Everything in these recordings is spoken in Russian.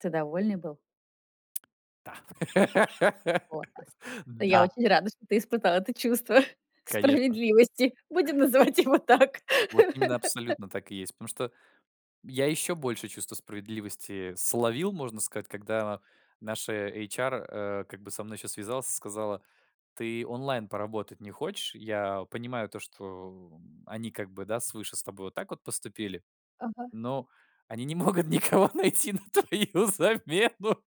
Ты довольный был? Та! Во та я Да! очень рада, что ты испытал это чувство Конечно. справедливости. Будем называть его так. Вот именно абсолютно так и есть. Потому что я еще большее чувство справедливости словил, можно сказать, когда наша эйчар, э, как бы со мной еще связалась и сказала: "Ты онлайн поработать не хочешь? Я понимаю то, что они как бы, да, свыше с тобой вот так вот поступили, Ага. но они не могут никого найти на твою замену"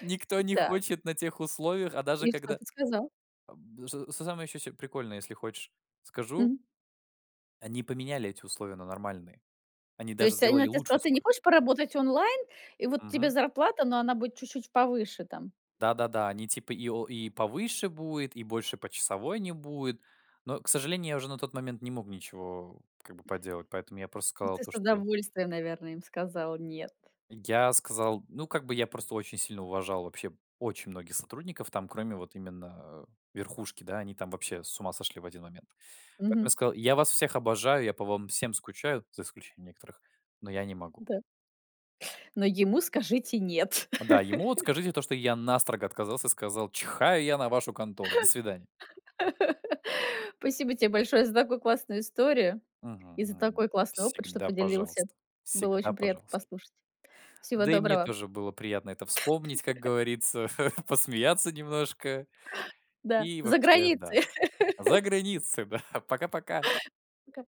"никто не Так. хочет на тех условиях, а даже И что когда" ты сказал? Аб что с самое еще прикольное, если хочешь, скажу. Мгм. Они поменяли эти условия на нормальные. Они То даже есть они сделали она те лучше сказала: "Ты не условия. хочешь поработать онлайн, и вот тебе Мгм. зарплата, но она будет чуть-чуть повыше там?" Да-да-да, они типа и о и повыше будет, и больше почасовой не будет. Но, к сожалению, я уже на тот момент не мог ничего как бы поделать, поэтому я просто Ну, сказал ты то, с что удовольствием, наверно, им сказал "нет". Я сказал, ну, как бы я просто очень сильно уважал вообще очень многих сотрудников там, кроме вот именно, э, верхушки, да, они там вообще с ума сошли в один момент. Поэтому я Мгм. сказал: "Я вас всех обожаю, я по вам всем скучаю за исключением некоторых, но я не могу". Да. Но ему скажите "нет". Да, ему вот скажите то, что я настрого отказался, сказал: "Чихаю я на вашу контору, до свидания!" Спасибо тебе большое за такую классную историю Мгм, и за мгм. такой классный опыт, что Всегда поделился. пожалуйста. Было Всегда очень приятно пожалуйста. послушать. Всего Да и мне доброго. тоже было приятно это вспомнить, как говорится, посмеяться немножко. Да, И за вообще, да. границей. За границы, да. Пока-пока. Пока.